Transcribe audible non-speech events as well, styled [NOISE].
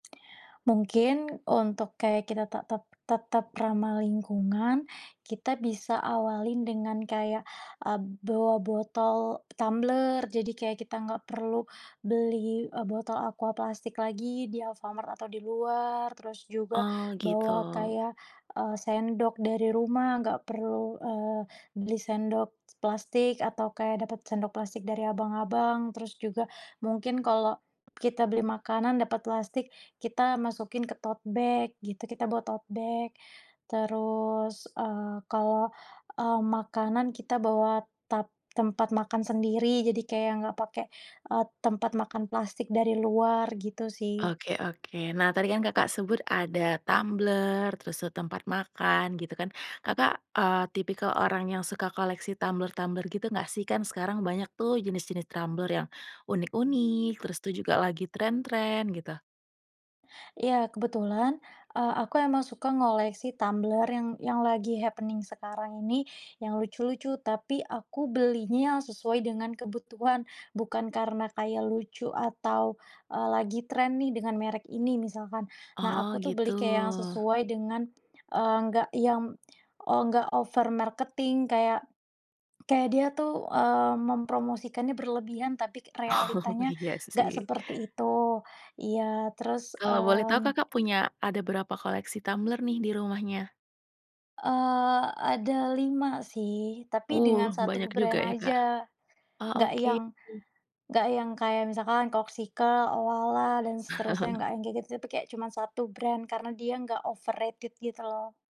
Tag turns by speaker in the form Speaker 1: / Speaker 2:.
Speaker 1: Mungkin, untuk kayak kita te tet tetap ramah lingkungan kita bisa awalin dengan kayak, eee, bawa botol tumbler, jadi kayak kita nggak perlu beli, eee, botol Aqua plastik lagi di Alfamart atau di luar, terus juga
Speaker 2: Oh gitu.
Speaker 1: bawa kayak, eee, sendok dari rumah nggak perlu, eee, beli sendok s plastik atau kayak dapat sendok plastik dari abang-abang, terus juga mungkin kalau kita beli makanan dapat plastik, kita masukin ke tote bag gitu, kita bawa tote bag terus, eee, kalau, eee, makanan kita bawa tap tempat makan sendiri jadi kayak nggak pakai, eee, tempat makan plastik dari luar gitu sih.
Speaker 2: Oke oke, nah tadi kan Kakak sebut ada tumbler, terus, eee, tempat makan gitu kan, Kakak, eee, tipikal orang yang suka koleksi tumbler-tumbler gitu nggak sih? Kan sekarang banyak tuh jenis-jenis tumbler yang unik-unik terus tuh juga lagi tren-tren gitu?
Speaker 1: Iya, kebetulan, eee, aku emang suka ngoleksi tumbler yang yang lagi happening sekarang ini, yang lucu-lucu, tapi aku belinya sesuai dengan kebutuhan bukan karena kayak lucu atau, eee, lagi tren nih dengan merek ini misalkan, nah aku
Speaker 2: Oh
Speaker 1: tuh
Speaker 2: gitu.
Speaker 1: beli kayak yang sesuai dengan, eee, enggak yang, eee, enggak over marketing kayak, kayak dia tuh, eee, mempromosikannya berlebihan tapi k
Speaker 2: Oh,
Speaker 1: realitanya
Speaker 2: iya
Speaker 1: enggak
Speaker 2: sih.
Speaker 1: seperti itu, iya terus,
Speaker 2: Kalau boleh tahu
Speaker 1: mmm.
Speaker 2: Kakak punya, ada berapa koleksi tumbler nih di rumahnya?
Speaker 1: Eee, ada 5 sih tapi dengan
Speaker 2: Uh, banyak
Speaker 1: 1
Speaker 2: juga
Speaker 1: brand
Speaker 2: ya, Kak.
Speaker 1: aja.
Speaker 2: Oh,
Speaker 1: Nggak
Speaker 2: oke.
Speaker 1: yang, nggak yang kayak misalkan Corkcicle, Owala, dan seterusnya
Speaker 2: [CHUCKLES]
Speaker 1: nggak yang kayak gitu, tapi kayak cuman 1 brand karena dia nggak overrated gitu loh.